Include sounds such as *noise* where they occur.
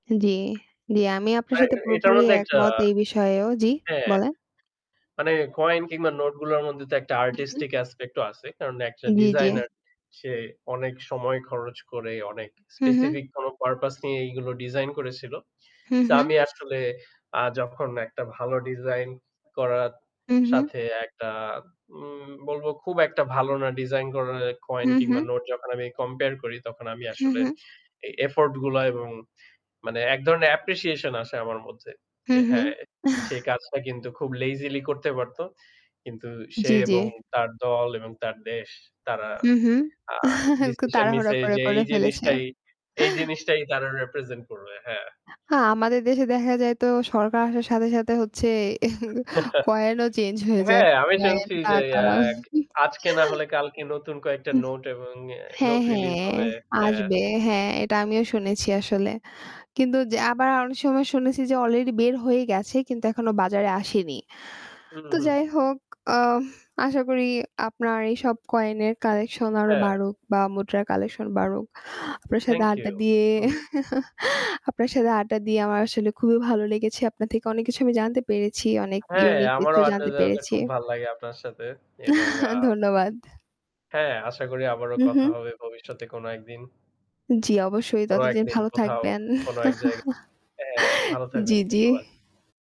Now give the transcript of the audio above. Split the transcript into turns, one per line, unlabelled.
জ্বী, জ্বী। আমি আপনার
আর এ
সাথে
এটার
পুরোপুরি
মধ্যে একটা
একমত এই বিষয়েও। জি
হ্যাঁ।
বলেন।
মানে কয়েন কিংবা নোট গুলোর মধ্যে তো একটা
হু, হু।
আর্টিস্টিক অ্যাসপেক্ট ও আছে। কারণ একটা
জ্বী, জ্বী।
ডিজাইনের সে অনেক সময় খরচ করে অনেক
হু, হু।
স্পেসিফিক কোনো পারপাস নিয়ে এগুলো ডিজাইন করেছিল।
হু,
সো
হু।
আমি আসলে আ যখন একটা ভালো ডিজাইন করার
হু, হু।
সাথে একটা উম বলবো খুব একটা ভালো না ডিজাইন করা কয়েন
হু,
কিংবা
হু।
নোট যখন আমি কম্পেয়ার করি তখন আমি
হু,
আসলে
হু।
এই এফোর্ট গুলা এবং মানে এক ধরনের অ্যাপ্রিসিয়েশন আসে আমার মধ্যে
হু,
যে
হু।
হ্যাঁ, সে
*chuckles*
কাজটা কিন্তু খুব লেজিলি করতে পারত। কিন্তু সে
জ্বী, জ্বী।
এবং তার দল এবং তার দেশ তারা
হুম, হুম।
আ
*chuckles* একটু
ডিসিশন
তাড়াহুড়া
নিয়েছে
করে,
যে
করে
এই
ফেলেছে।
জিনিসটাই এই জিনিসটাই তারা রিপ্রেজেন্ট করবে। হ্যাঁ।
আ আমাদের দেশে দেখা যায় তো সরকার আসার সাথে, সাথে হচ্ছে
*chuckles*
কয়েন ও চেঞ্জ হয়ে যায়।
হ্যাঁ, আমি
কয়েন
শুনছি এ যে
টাকা।
আজকে না হলে
*chuckles*
কালকে নতুন কয়েকটা
হুম।
নোট এবং এ নোট
হ্যাঁ,
রিলিজ
হ্যাঁ
হবে। হ্যাঁ।
আসবে হ্যাঁ, এটা আমিও শুনেছি আসলে। কিন্তু আবার অনেক সময় শুনেছি যে আলরেডি বের হয়ে গেছে কিন্তু এখনো বাজারে আসেনি।
হুম,
তো
হুম,
যাই
হুম।
হোক আহ আশা করি আপনার এইসব কয়েন এর কালেকশন আরো
হ্যাঁ।
বাড়ুক বা মুদ্রার কালেকশন বাড়ুক। আপনার সাথে
থ্যাংক
আড্ডা
ইউ।
দিয়ে
হুম।
*chuckles* আপনার সাথে আড্ডা দিয়ে আমার আসলে খুবই ভালো লেগেছে। আপনার থেকে অনেক কিছু আমি জানতে পেরেছি, অনেক
হ্যাঁ,
ইউনিক কিছু
আমারও আড্ডা
জানতে
দেওয়াটা
পেরেছি।
খুব ভাল লাগে আপনার সাথে এবং আ
*chuckles* ধন্যবাদ।
হ্যাঁ, আশা করি আবারো
হু,
কথা
হু।
হবে ভবিষ্যতে কোনো একদিন।
জ্বী, অবশ্যই,
কোনো
ততদিন
একদিন,
ভালো
কোথাও,
থাকবেন।
কোন এক জায়গায় হ্যাঁ
*chuckles*
ভালো থাকবেন।
জ্বী, জ্বী।
ধন্যবাদ।